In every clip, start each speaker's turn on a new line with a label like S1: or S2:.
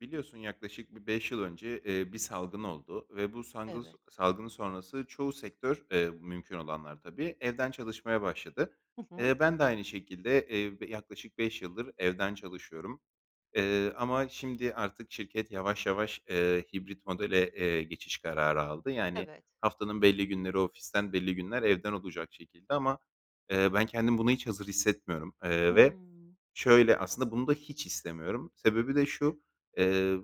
S1: Biliyorsun yaklaşık bir 5 yıl önce, eee, bir salgın oldu ve bu sangıls
S2: Evet.
S1: salgın sonrası çoğu sektör, eee, mümkün olanlar, tabii, evden çalışmaya başladı.
S2: Hı hı.
S1: Eee, ben de aynı şekilde, eee, b yaklaşık 5 yıldır evden çalışıyorum, eee, ama şimdi artık şirket yavaş yavaş, eee, hibrit modele, eee, geçiş kararı aldı. Yani,
S2: Evet.
S1: haftanın belli günleri ofisten, belli günler evden olacak şekilde ama, eee, ben kendimi buna hiç hazır hissetmiyorum, eee, ve
S2: Hımm.
S1: şöyle, aslında, bunu da hiç istemiyorum. Sebebi de şu, eee,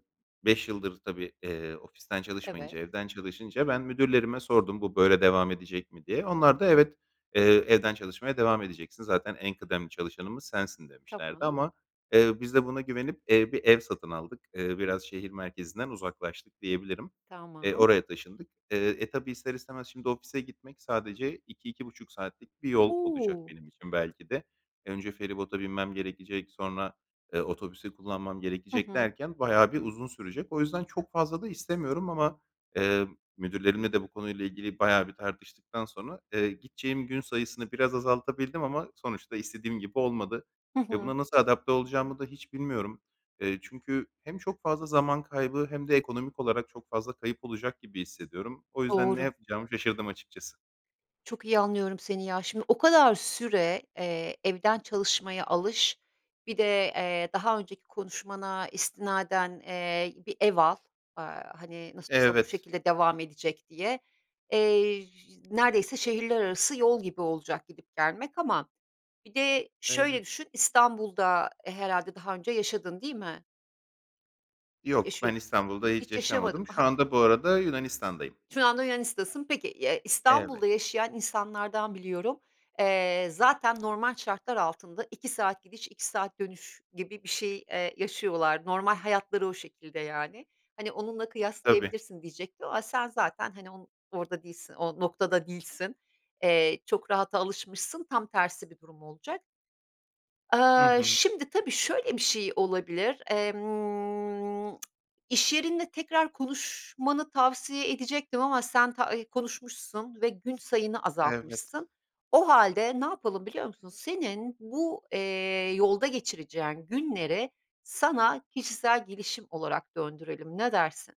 S1: 5 yıldır, tabii, eee, ofisten
S2: Evet.
S1: çalışmayınca evden çalışınca ben müdürlerime sordum, "Bu böyle devam edecek mi?" diye. Onlar da, "Evet, eee, evden çalışmaya devam edeceksin zaten en kıdemli çalışanımız sensin." demişlerdi
S2: Tamam.
S1: ama, eee, biz de buna güvenip, eee, bir ev satın aldık. Eee, biraz şehir merkezinden uzaklaştık diyebilirim. Eee,
S2: Tamam.
S1: oraya taşındık. Eee, e, tabii, ister istemez şimdi ofise gitmek sadece 2-2,5 saatlik bir yol olacak
S2: O!
S1: benim için belki de. Önce feribota binmem gerekecek, sonra, eee, otobüsü kullanmam
S2: Hı
S1: gerekecek
S2: hı.
S1: derken bayağı bir uzun sürecek. O yüzden çok fazla da istemiyorum ama, eee, müdürlerimle de bu konuyla ilgili bayağı bir tartıştıktan sonra, eee, gideceğim gün sayısını biraz azaltabildim ama sonuçta istediğim gibi olmadı
S2: Hı
S1: ve
S2: hı.
S1: buna nasıl adapte olacağımı da hiç bilmiyorum. Eee, çünkü hem çok fazla zaman kaybı hem de ekonomik olarak çok fazla kayıp olacak gibi hissediyorum. O yüzden ne
S2: Doğru.
S1: yapacağımı şaşırdım açıkçası.
S2: Çok iyi anlıyorum seni, ya. Şimdi o kadar süre, eee, evden çalışmaya alış, bir de, eee, daha önceki konuşmana istinaden, eee, bir ev al, aaa, hani, nasıl olsa bu
S1: Evet.
S2: şekilde devam edecek diye. Eee, neredeyse şehirler arası yol gibi olacak gidip gelmek ama bir de şöyle
S1: Evet.
S2: düşün, İstanbul'da herhâlde daha önce yaşadın, değil mi?
S1: Yok. Ben,
S2: Yaşıyordun,
S1: İstanbul'da hiç
S2: hiç yaşamadın.
S1: yaşamadım. Şu
S2: Aha!
S1: anda, bu arada, Yunanistan'dayım.
S2: Şu anda Yunanistan'dasın. Peki, eee, İstanbul'da
S1: Evet.
S2: yaşayan insanlardan biliyorum. Eee, zaten normal şartlar altında 2 saat gidiş, 2 saat dönüş gibi bir şey, eee, yaşıyorlar. Normal hayatları o şekilde, yani. Hani, onunla
S1: Tabii.
S2: kıyaslayabilirsin diyecektim ama sen zaten, hani, on orada değilsin o noktada değilsin. Eee, çok rahata alışmışsın, tam tersi bir durum olacak.
S1: Hı
S2: Eee,
S1: hı.
S2: şimdi, tabii, şöyle bir şey olabilir; emm, iş yerinde tekrar konuşmanı tavsiye edecektim ama sen ta e konuşmuşsun ve gün sayını
S1: Evet.
S2: azaltmışsın. O hâlde ne yapalım, biliyor musun? Senin bu, eee, yolda geçireceğin günleri sana kişisel gelişim olarak döndürelim, ne dersin?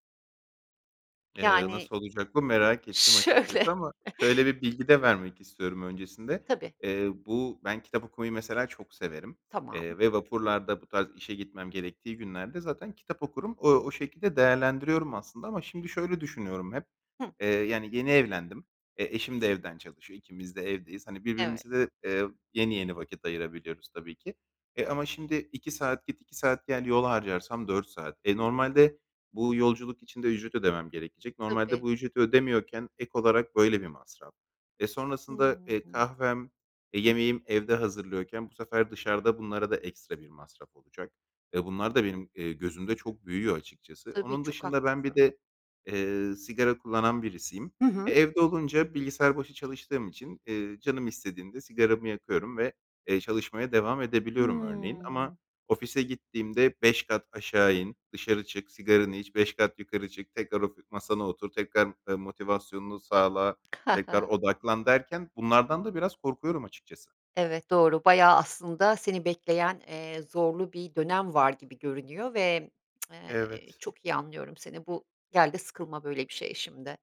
S1: Eee,
S2: Yani
S1: nasıl olacak bu merak ettim
S2: Şöyle.
S1: açıkçası ama şöyle bir bilgi de vermek istiyorum. Öncesinde,
S2: Tabii.
S1: eee, bu ben kitap okumayı mesela çok severim, eee,
S2: Tamam.
S1: ve vapurlarda bu tarz işe gitmem gerektiği günlerde zaten kitap okurum. O o şekilde değerlendiriyorum aslında ama şimdi şöyle düşünüyorum hep,
S2: Hıı.
S1: eee, yani, yeni evlendim, e, eşim de evden çalışıyor, ikimiz de evdeyiz. Hani,
S2: Evet.
S1: birbirimize de, eee, yeni yeni vakit ayırabiliyoruz tabii ki. E, ama şimdi 2 saat git 2 saat gel yol harcarsam 4 saat. E, normalde bu yolculuk içinde ücret ödemem gerekecek. Normalde
S2: Tabii.
S1: bu ücreti ödemiyorken ek olarak böyle bir masraf ve
S2: Hı
S1: sonrasında, eee,
S2: hı.
S1: kahvem, eee, yemeğim evde hazırlıyorken bu sefer dışarıda bunlara da ekstra bir masraf olacak ve bunlar da benim, eee, gözümde çok büyüyor açıkçası.
S2: Tabii
S1: Onun
S2: çok
S1: dışında ben bir
S2: haklısın.
S1: de, eee, sigara kullanan birisiyim.
S2: Hı
S1: E,
S2: hı.
S1: evde olunca bilgisayar başı çalıştığım için, eee, canım istediğimde sigaramı yakıyorum ve, eee, çalışmaya devam edebiliyorum örneğin. Ama
S2: Hıı.
S1: ofise gittiğimde 5 kat aşağı in, dışarı çık, sigaranı iç, 5 kat yukarı çık, tekrar, of masana otur, tekrar, eee, motivasyonunu sağla, tekrar odaklan derken, bunlardan da biraz korkuyorum açıkçası.
S2: Evet, doğru bayağı aslında seni bekleyen, eee, zorlu bir dönem var gibi görünüyor ve eee,
S1: Evet.
S2: çok iyi anlıyorum seni. Bu gel de sıkılma böyle bir şeye şimdi.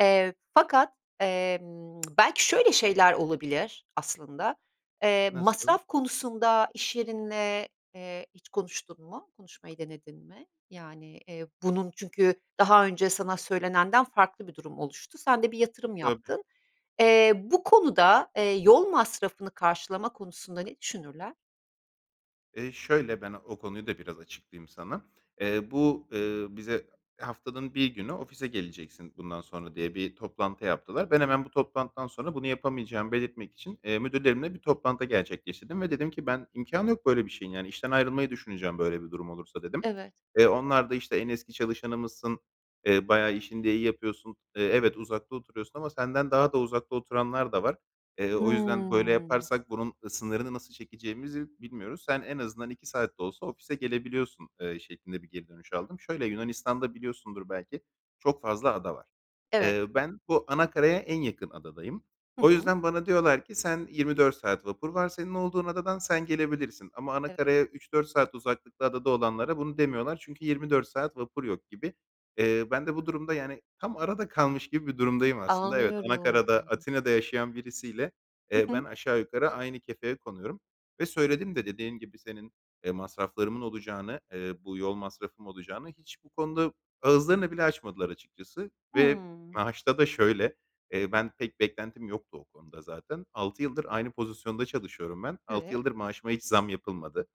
S2: Eee, fakat, emm belki şöyle şeyler olabilir aslında. Eee,
S1: Nasıl?
S2: masraf konusunda iş yerinle, eee, hiç konuştun mu? Konuşmayı denedin mi? Yani, eee, bunun çünkü daha önce sana söylenenden farklı bir durum oluştu. Sen de bir yatırım
S1: Tabii.
S2: yaptın. Eee, bu konuda, eee, yol masrafını karşılama konusunda ne düşünürler?
S1: Eee, şöyle, ben o konuyu da biraz açıklayayım sana. Eee, bu, ııı, bize haftanın 1 günü ofise geleceksin bundan sonra diye bir toplantı yaptılar. Ben hemen bu toplantıdan sonra bunu yapamayacağımı belirtmek için, eee, müdürlerimle bir toplantı gerçekleştirdim ve dedim ki ben imkânı yok böyle bir şeyin. Yani, işten ayrılmayı düşüneceğim böyle bir durum olursa, dedim.
S2: Evet.
S1: Eee, onlar da, işte, "En eski çalışanımızsın, eee, bayağı işini de iyi yapıyorsun, eee, evet, uzakta oturuyorsun ama senden daha da uzakta oturanlar da var; eee, o yüzden böyle
S2: Hımm.
S1: yaparsak bunun, ııı, sınırını nasıl çekeceğimizi bilmiyoruz. Sen en azından 2 saat de olsa ofise gelebiliyorsun.", eee, şeklinde bir geri dönüş aldım. Şöyle, Yunanistan'da, biliyorsundur belki, çok fazla ada var.
S2: Evet.
S1: Eee, ben bu ana karaya en yakın adadayım.
S2: Hı
S1: O
S2: hı.
S1: yüzden bana diyorlar ki "Sen 24 saat vapur var, senin olduğun adadan sen gelebilirsin." ama ana
S2: Evet.
S1: karaya 3-4 saat uzaklıkta adada olanlara bunu demiyorlar çünkü 24 saat vapur yok gibi. Eee, ben de bu durumda, yani, tam arada kalmış gibi bir durumdayım aslında. Evet, ana
S2: Anlıyorum.
S1: karada, Atina'da yaşayan birisiyle, eee,
S2: Hı
S1: ben
S2: hı.
S1: aşağı yukarı aynı kefeye konuyorum ve söyledim de dediğim gibi, senin masraflarımın olacağını, eee, bu, yol masrafım olacağını; hiç bu konuda ağızlarını bile açmadılar açıkçası. Ve
S2: Hımm.
S1: maaşta da şöyle: Eee, ben pek beklentim yoktu o konuda zaten. 6 yıldır aynı pozisyonda çalışıyorum ben. 6
S2: Evet.
S1: yıldır maaşıma hiç zam yapılmadı.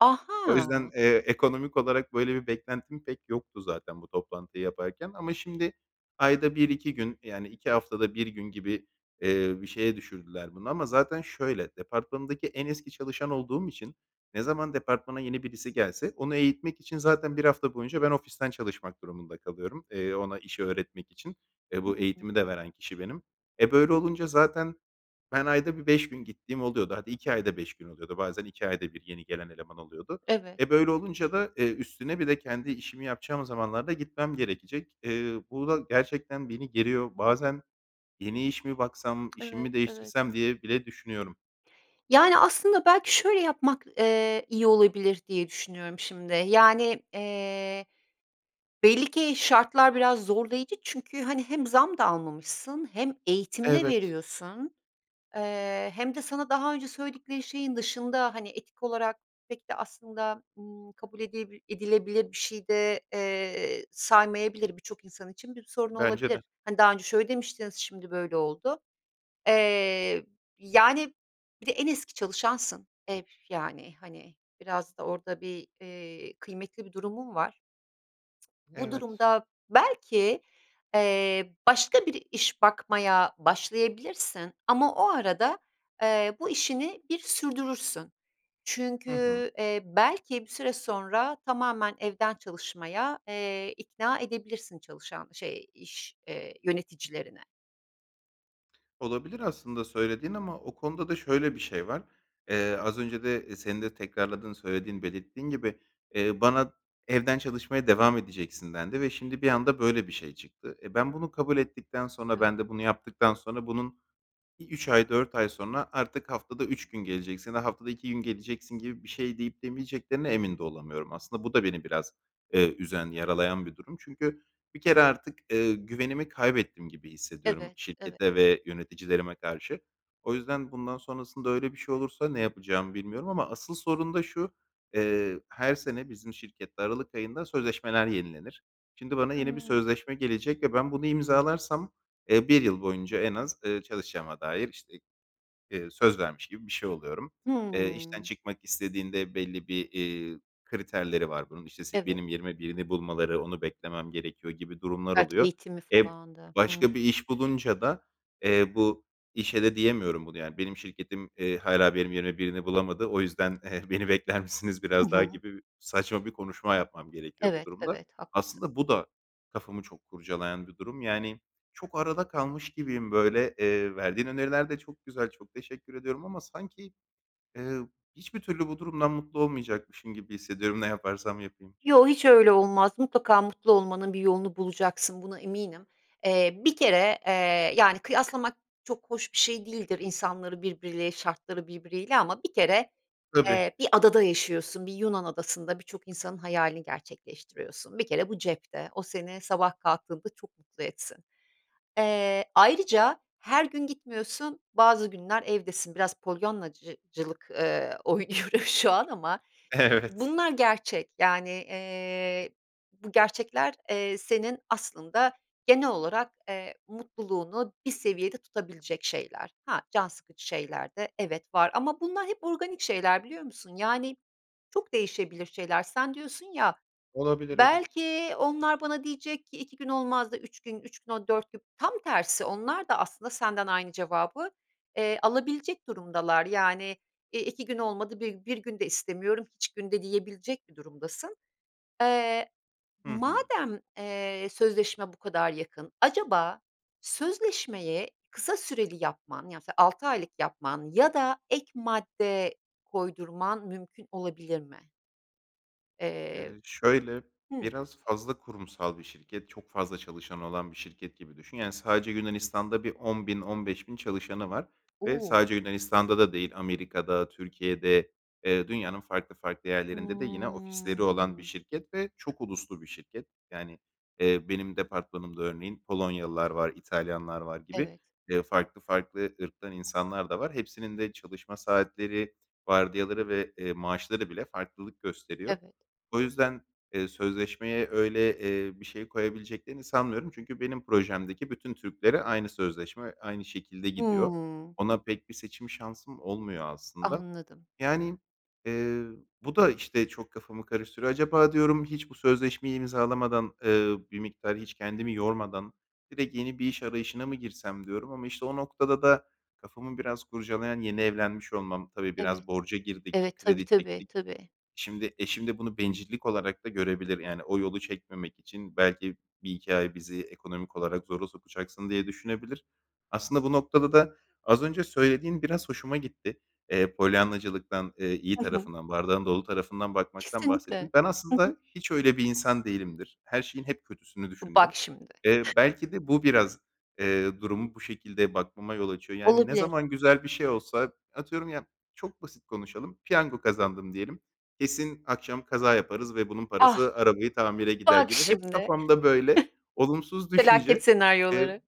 S1: O yüzden,
S2: Aha!
S1: eee, ekonomik olarak böyle bir beklentim pek yoktu zaten bu toplantıyı yaparken ama şimdi ayda 1-2, yani, 2 haftada 1 gün gibi, eee, bir şeye düşürdüler bunu ama zaten şöyle, departmanımdaki en eski çalışan olduğum için ne zaman departmana yeni birisi gelse onu eğitmek için zaten 1 hafta boyunca ben ofisten çalışmak durumunda kalıyorum, eee, ona işi öğretmek için ve bu
S2: Hımm.
S1: eğitimi de veren kişi benim. E, böyle olunca zaten ben ayda bir 5 gün gittiğim oluyordu. Hadi, 2 ayda 5 gün oluyordu. Bazen 2 ayda bir yeni gelen eleman oluyordu.
S2: Evet.
S1: E, böyle olunca da, eee, üstüne bir de kendi işimi yapacağım zamanlar da gitmem gerekecek. Eee, bu da gerçekten beni geriyor. Bazen "Yeni iş mi baksam, işimi
S2: Evet,
S1: mi
S2: evet.
S1: değiştirsem?" diye bile düşünüyorum.
S2: Yani aslında belki şöyle yapmak, eee, iyi olabilir diye düşünüyorum şimdi: Yani, eee, belli ki şartlar biraz zorlayıcı çünkü, hani, hem zam da almamışsın, hem eğitim de
S1: Evet.
S2: veriyorsun, eee, hem de sana daha önce söyledikleri şeyin dışında, hani, etik olarak pek de aslında, ımm, kabul edilebil edilebilir bir şey de, eee, saymayabilir, birçok insan için bir sorun
S1: Bence
S2: olabilir.
S1: de.
S2: Hani, "Daha önce şöyle demiştiniz, şimdi böyle oldu." Eee yani bir de en eski çalışansın, e, üf, yani. Hani biraz da orada bir, eee, kıymetli bir durumun var. Bu
S1: Evet.
S2: durumda belki, eee, başka bir iş bakmaya başlayabilirsin ama o arada, eee, bu işini bir sürdürürsün.
S1: Hı hı.
S2: Çünkü, eee, belki bir süre sonra tamamen evden çalışmaya, eee, ikna edebilirsin çalışan, şey, iş, eee, yöneticilerini.
S1: Olabilir aslında söylediğin ama o konuda da şöyle bir şey var: Eee, az önce de senin de tekrarladığın, söylediğin, belirttiğin gibi, eee, bana "Evden çalışmaya devam edeceksin." dendi ve şimdi bir anda böyle bir şey çıktı. E, ben bunu kabul ettikten sonra,
S2: Evet.
S1: ben de bunu yaptıktan sonra bunun bir 3 ay, 4 ay sonra artık haftada 3 gün geleceksin, ha haftada 2 gün geleceksin gibi bir şey deyip demeyeceklerine emin de olamıyorum. Aslında bu da beni biraz, eee, üzen, yaralayan bir durum. Çünkü bir kere artık, eee, güvenimi kaybettim gibi hissediyorum
S2: Evet, evet.
S1: şirkete ve yöneticilerime karşı. O yüzden bundan sonrasında öyle bir şey olursa ne yapacağımı bilmiyorum ama asıl sorun da şu: Eee, her sene bizim şirkette aralık ayında sözleşmeler yenilenir; şimdi bana yeni bir
S2: Hımm.
S1: sözleşme gelecek ve ben bunu imzalarsam, eee, 1 yıl boyunca en az, eee, çalışacağıma dair işte, eee, söz vermiş gibi bir şey oluyorum. Eee, işten
S2: Hımm.
S1: çıkmak istediğinde belli bir, eee, kriterleri var bunun. İşte si
S2: Evet.
S1: benim yerime birini bulmaları, onu beklemem gerekiyor gibi durumlar
S2: Belki
S1: oluyor.
S2: eğitimi
S1: E,
S2: falan da... Hımm.
S1: başka bir iş bulunca da, eee, bu işe de diyemiyorum bunu; yani "Benim şirketim, eee, hâlâ benim yerime birini bulamadı. O yüzden, eee, beni bekler misiniz
S2: Hı
S1: biraz daha?"
S2: hı.
S1: gibi bir, saçma bir konuşma yapmam gerekiyor bu
S2: Evet,
S1: durumda.
S2: evet. Haklısın.
S1: Aslında bu da kafamı çok kurcalayan bir durum. Yani çok arada kalmış gibiyim böyle. Eee, verdiğin öneriler de çok güzel. Çok teşekkür ediyorum ama sanki, eee, hiçbir türlü bu durumdan mutlu olmayacakmışım gibi hissediyorum ne yaparsam yapayım.
S2: Yo, hiç öyle olmaz. Mutlaka mutlu olmanın bir yolunu bulacaksın. Buna eminim. Eee, bir kere, eee, yani, kıyaslamak çok hoş bir şey değildir insanları birbiriyle, şartları birbiriyle ama bir kere,
S1: Tabii.
S2: eee, bir adada yaşıyorsun, bir Yunan adasında birçok insanın hayalini gerçekleştiriyorsun. Bir kere bu cepte, o seni sabah kalktığında çok mutlu etsin. Eee, ayrıca her gün gitmiyorsun, bazı günler evdesin biraz Polyannacı cılık, eee, oynuyoruz şu an ama
S1: Evet.
S2: bunlar gerçek. Yani, eee, bu gerçekler, eee, senin aslında genel olarak, eee, mutluluğunu bir seviyede tutabilecek şeyler. Ha, can sıkıcı şeyler de, evet, var ama bunlar hep organik şeyler, biliyor musun? Yani çok değişebilir şeyler. Sen diyorsun ya,
S1: Olabilir, evet.
S2: belki onlar bana diyecek ki 2 gün olmaz da 3 gün, 3 gün, o 4 gün... Tam tersi, onlar da aslında senden aynı cevabı, eee, alabilecek durumdalar. Yani, e, 2 gün olmadı bi 1 gün de istemiyorum, hiç gün de yiyebilecek bir durumdasın. Eee,
S1: Hı hı.
S2: madem, eee, sözleşme bu kadar yakın acaba sözleşmeyi kısa süreli yapman ya mesela 6 aylık yapman ya da ek madde koydurman mümkün olabilir mi? Eee,
S1: Eee, şöyle,
S2: hıı.
S1: biraz fazla kurumsal bir şirket, çok fazla çalışanı olan bir şirket gibi düşün. Yani sadece Yunanistan'da bir 10.000, 15.000 çalışanı var ve
S2: U!
S1: sadece Yunanistan'da da değil, Amerika'da, Türkiye'de, eee, dünyanın farklı farklı yerlerinde de yine ofisleri olan bir
S2: Hımm.
S1: şirket ve çok uluslu bir şirket. Yani, eee, benim departmanımda örneğin Polonyalılar var, İtalyanlar var gibi,
S2: Evet.
S1: eee, farklı farklı ırktan insanlar da var. Hepsinin de çalışma saatleri, vardiyaları ve, eee, maaşları bile farklılık gösteriyor.
S2: Evet.
S1: O yüzden, eee, sözleşmeye öyle, eee, bir şey koyabileceklerini sanmıyorum. Çünkü benim projemdeki bütün Türklere aynı sözleşme, aynı şekilde gidiyor.
S2: Hımm.
S1: Ona pek bir seçim şansım olmuyor aslında.
S2: Anladım.
S1: Yani, eee, bu da işte çok kafamı karıştırıyor. Acaba diyorum hiç bu sözleşmeyi imzalamadan, eee, bir miktar hiç kendimi yormadan direkt yeni bir iş arayışına mı girsem, diyorum ama işte o noktada da kafamı biraz kurcalayan, yeni evlenmiş olmam. Tabii biraz
S2: Evet.
S1: borca girdik,
S2: Evet. Tabii,
S1: kredi
S2: tabii,
S1: çektik.
S2: tabii.
S1: Şimdi eşim de bunu bencillik olarak da görebilir, yani o yolu çekmemek için belki 1-2 ay bizi ekonomik olarak zora sokacaksın diye düşünebilir. Aslında bu noktada da az önce söylediğin biraz hoşuma gitti. Eee, Polyanna'cılıktan, eee, iyi
S2: Hı hı.
S1: tarafından, bardağın dolu tarafından bakmaktan bahsettin.
S2: Kesinlikle.
S1: Ben
S2: Hı hı.
S1: aslında hiç öyle bir insan değilimdir. Her şeyin hep kötüsünü düşünürüm.
S2: Bak şimdi.
S1: Eee, belki de bu biraz, eee, durumu bu şekilde bakmama yol açıyor. Yani ne
S2: Olabilir.
S1: zaman güzel bir şey olsa, atıyorum, ya, çok basit konuşalım, piyango kazandım diyelim, "Kesin akşam kaza yaparız ve bunun
S2: Ah!
S1: parası arabayı tamire gider."
S2: Bak
S1: gibi hep,
S2: şimdi.
S1: kafamda böyle olumsuz
S2: Felaket
S1: düşünce. Eee,
S2: senaryoları.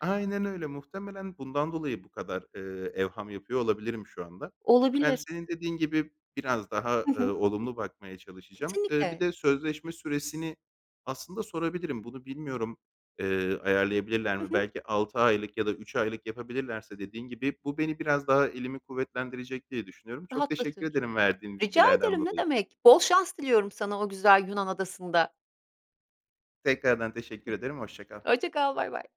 S1: aynen öyle, muhtemelen bundan dolayı bu kadar, eee, evham yapıyor olabilirim şu anda. Ben
S2: Olabilir.
S1: senin dediğin gibi biraz daha,
S2: Hı hı.
S1: ııı, olumlu bakmaya çalışacağım. Iıı, bir
S2: Kesinlikle.
S1: de sözleşme süresini aslında sorabilirim. Bunu bilmiyorum, eee, ayarlayabilirler mi?
S2: Hı hı.
S1: Belki 6 aylık ya da 3 aylık yapabilirlerse dediğin gibi, bu beni biraz daha elimi kuvvetlendirecek diye düşünüyorum. Çok teşekkür
S2: Rahatlatır.
S1: ederim verdiğin
S2: Rica
S1: bilgilerden
S2: ederim, ne
S1: dolayı.
S2: demek. Bol şans diliyorum sana o güzel Yunan adasında.
S1: Tekrardan teşekkür ederim, hoşça kal.
S2: [unintelligible] Hoşça kal. Baybay